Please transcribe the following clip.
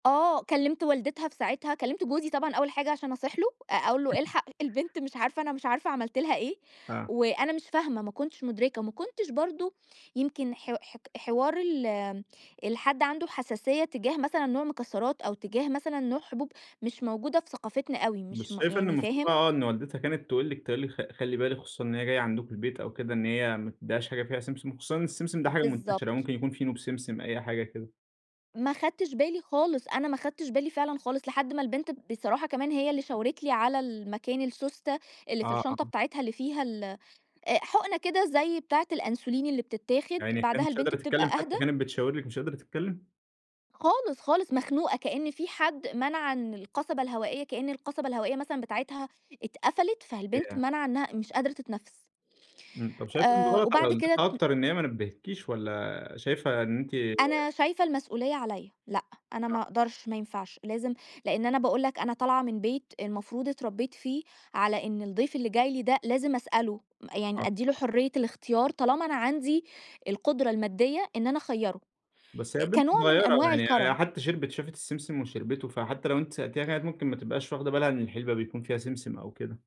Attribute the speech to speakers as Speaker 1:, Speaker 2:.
Speaker 1: آه، كلّمت والدتها في ساعتها، كلّمت جوزي طبعًا أول حاجة عشان أصيح له، أ أقول له: "إلحق البنت مش عارفة، أنا مش عارفة عملت لها إيه."
Speaker 2: آه.
Speaker 1: وأنا مش فاهمة، ما كُنتش مُدركة. ما كُنتش برضه، يمكن ح ح حوار ال الحد عنده حساسية تجاه مثلًا نوع مكسّرات أو تجاه مثلًا نوع حبوب مش موجودة في ثقافتنا أوي، مش
Speaker 2: مش
Speaker 1: م
Speaker 2: شايفة إن
Speaker 1: يعني
Speaker 2: المفروض بقى
Speaker 1: فاهم؟
Speaker 2: آه، إن والدتها كانت تقول لِك تقول لِك خ خلّي بالِك، خصوصًا إن هي جاية عندكم البيت أو كده إن هي ما تدّيهاش حاجة فيها سمسم، وخصوصًا إن السمسم ده حاجة منتشرة
Speaker 1: بالضبط.
Speaker 2: ممكن يكون فينو بسمسم، أي حاجة كده.
Speaker 1: ما خدتش بالي خالص، أنا ما خدتش بالي فعلًا خالص لحد ما البنت بصراحة كمان هي اللي شاورت لي على المكان السوستة، اللي في
Speaker 2: آه،
Speaker 1: الشنطة
Speaker 2: آه.
Speaker 1: بتاعتها اللي فيها ال أ حقنة كده زي بتاعة الأنسولين اللي بتتاخد،
Speaker 2: يا عيني، هي
Speaker 1: بعدها
Speaker 2: مش
Speaker 1: البنت
Speaker 2: قادرة
Speaker 1: بتبقى
Speaker 2: تتكلّم،
Speaker 1: أهدى
Speaker 2: حتّى كانت بتشاور لِك، مش قادرة تتكلّم؟
Speaker 1: خالص، خالص، مخنوقة، كأن في حد منع إن القصبة الهوائية كإن القصبة الهوائية مثلًا بتاعتها اتقفلت، فالبنت
Speaker 2: ياه!
Speaker 1: مانعة إنها مش قادرة تتنفّس.
Speaker 2: إمم، طَب شايفة إنه
Speaker 1: آآ
Speaker 2: غلط على
Speaker 1: وبعد كده
Speaker 2: والدتها
Speaker 1: ت
Speaker 2: أكتر إن هي ما نبّهتكيش والّا شايفة إن أنتِ
Speaker 1: أنا شايفة المسؤلية عليّا، لأ أنا
Speaker 2: آه.
Speaker 1: ما اقدرش، ما ينفعش، لازم لإن أنا باقول لك أنا طالعة من بيت المفروض اتربيت فيه، على إن الضيف اللي جاي لي ده لازم اسأله، م
Speaker 2: آه،
Speaker 1: يعني ادّي له
Speaker 2: بصراحة.
Speaker 1: حرّية الاختيار طالما أنا عندي القدرة المادّية، إن أنا اخيّره،
Speaker 2: بس هي
Speaker 1: أ
Speaker 2: البنت
Speaker 1: كنوع من
Speaker 2: صغيّرة
Speaker 1: أنواع
Speaker 2: يعني هي
Speaker 1: الكرم.
Speaker 2: حتّى شربِت شافِت السمسم وشربته، فحتّى لو أنتِ سألتيها، كانت ممكن ما تبقاش واخدة بها إن الحلبة بيكون فيها سمسم أو كده.